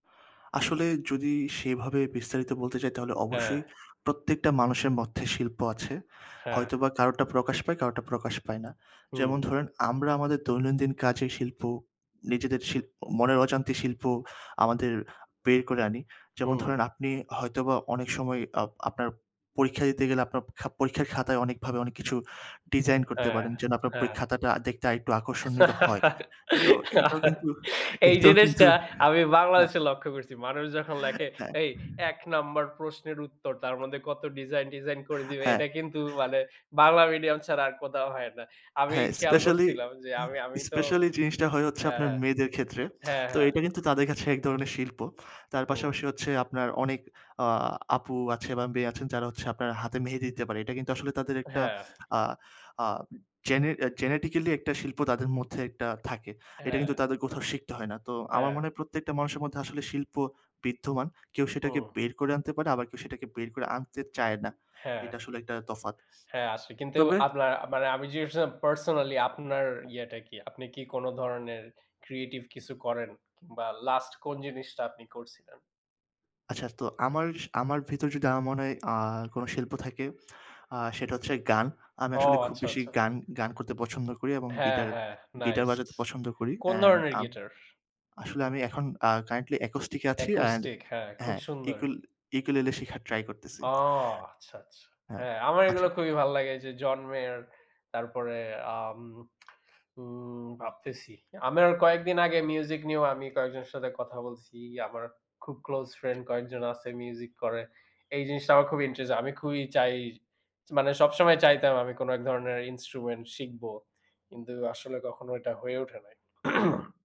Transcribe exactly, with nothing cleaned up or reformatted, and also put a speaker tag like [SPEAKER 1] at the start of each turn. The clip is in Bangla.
[SPEAKER 1] আসলে যদি সেইভাবে বিস্তারিত বলতে চাই তাহলে
[SPEAKER 2] হ্যাঁ।
[SPEAKER 1] অবশ্যই প্রত্যেকটা মানুষের মধ্যে শিল্প আছে।
[SPEAKER 2] হ্যাঁ।
[SPEAKER 1] হয়তোবা কারোটা প্রকাশ পায়, কারোটা প্রকাশ পায় না। যেমন
[SPEAKER 2] হুম।
[SPEAKER 1] ধরেন আমরা আমাদের দৈনন্দিন কাজে শিল্প, নিজেদের শিল্প, মনের অজান্তে শিল্প আমাদের বের করে আনি। যেমন
[SPEAKER 2] হুম।
[SPEAKER 1] ধরেন আপনি হয়তোবা অনেক সময় অ আপনার পরীক্ষা দিতে গেলে আপনার প পরীক্ষার খাতায় অনেকভাবে অনেক কিছু ডিজাইন করতে
[SPEAKER 2] হ্যাঁ,
[SPEAKER 1] পারেন যেন আপনার
[SPEAKER 2] হ্যাঁ।
[SPEAKER 1] পরীক্ষার খাতাটা দেখতে একটু আকর্ষণীয় হয়। তো এইটাও কিন্তু
[SPEAKER 2] এই
[SPEAKER 1] এইটাও কিন্তু
[SPEAKER 2] জিনিসটা আমি
[SPEAKER 1] হ্যাঁ।
[SPEAKER 2] বাংলাদেশে লক্ষ্য করছি। মানুষ যখন লেখে,
[SPEAKER 1] হ্যাঁ।
[SPEAKER 2] এই এক নাম্বার প্রশ্নের উত্তর তার মধ্যে কত ডিজাইন-টিজাইন করে দিবে।
[SPEAKER 1] হ্যাঁ।
[SPEAKER 2] এটা কিন্তু মানে বাংলা medium ছাড়া আর কোথাও হয় না। আমি
[SPEAKER 1] হ্যাঁ
[SPEAKER 2] খেয়াল
[SPEAKER 1] specially
[SPEAKER 2] করছিলাম যে আমি আমি
[SPEAKER 1] এ
[SPEAKER 2] তো
[SPEAKER 1] specially জিনিসটা হয় হচ্ছে
[SPEAKER 2] হ্যাঁ,
[SPEAKER 1] আপনার
[SPEAKER 2] হ্যাঁ।
[SPEAKER 1] মেয়েদের ক্ষেত্রে।
[SPEAKER 2] হ্যাঁ,
[SPEAKER 1] তো
[SPEAKER 2] হ্যাঁ।
[SPEAKER 1] এটা কিন্তু তাদের কাছে এক ধরনের শিল্প। তার
[SPEAKER 2] হুম।
[SPEAKER 1] পাশাপাশি হচ্ছে আপনার অনেক আ আপু আছে বা মেয়ে আছেন যারা হচ্ছে আপনার হাতে মেহেদী দিতে পারে। এটা কিন্তু আসলে তাদের একটা
[SPEAKER 2] হ্যাঁ।
[SPEAKER 1] আ আ জেনে জেনেটিক্যালি একটা শিল্প তাদের মধ্যে একটা থাকে। এটা
[SPEAKER 2] হ্যাঁ।
[SPEAKER 1] কিন্তু তাদের কোথাও শিখতে হয় না। তো আমার
[SPEAKER 2] হ্যাঁ।
[SPEAKER 1] মনে হয় প্রত্যেকটা মানুষের মধ্যে আসলে শিল্প বিদ্যমান। কেউ সেটাকে
[SPEAKER 2] হুম।
[SPEAKER 1] বের করে আনতে পারে আবার কেউ সেটাকে বের করে আনতে চায় না।
[SPEAKER 2] হ্যাঁ।
[SPEAKER 1] এটা আসলে একটা তফাৎ।
[SPEAKER 2] হ্যাঁ আসে কিন্তু
[SPEAKER 1] তবে
[SPEAKER 2] আপনার মানে আমি জিজ্ঞেস করছিলাম personally আপনার ইয়েটা কি? আপনি কি কোনো ধরনের creative কিছু করেন? কিংবা লাস্ট কোন জিনিসটা আপনি করছিলেন?
[SPEAKER 1] আচ্ছা তো আমার স আমার ভেতর যদি আমার মনে হয় আ কোনো শিল্প থাকে আ সেটা হচ্ছে গান। আমি
[SPEAKER 2] ও
[SPEAKER 1] আসলে খুব
[SPEAKER 2] আচ্ছা,
[SPEAKER 1] বেশি
[SPEAKER 2] আচ্ছা।
[SPEAKER 1] গান গান করতে পছন্দ করি এবং
[SPEAKER 2] হ্যাঁ,
[SPEAKER 1] গিটার,
[SPEAKER 2] হ্যাঁ
[SPEAKER 1] গিটার
[SPEAKER 2] nice।
[SPEAKER 1] বাজাতে পছন্দ করি
[SPEAKER 2] কোন
[SPEAKER 1] and
[SPEAKER 2] ধরনের
[SPEAKER 1] আম
[SPEAKER 2] গিটার?
[SPEAKER 1] আসলে আমি এখন আ currently acoustic এ আছি and
[SPEAKER 2] acoustic হ্যাঁ, খুব
[SPEAKER 1] হ্যাঁ,
[SPEAKER 2] সুন্দর।
[SPEAKER 1] ইউকুল ইউকুলেলে শেখার try করতেছি।
[SPEAKER 2] ও আচ্ছা, আচ্ছা।
[SPEAKER 1] হ্যাঁ,
[SPEAKER 2] হ্যাঁ, আমার
[SPEAKER 1] আচ্ছা।
[SPEAKER 2] এগুলা খুবই ভালো লাগে যে Jhon Meyer তারপরে আম উম উম ভাবতেছি। আমার কয়েকদিন আগে music নিয়েও আমি কয়েকজনের সাথে কথা বলছি। আমার খুব close friend কয়েকজন আছে music করে। এই জিনিসটা আমার খুবই ইন্টারেজ আমি খুবই চাই মানে সবসময় চাইতাম আমি কোনো এক ধরনের instrument শিখবো। কিন্তু আসলে কখনো এটা হয়ে ওঠে নাই।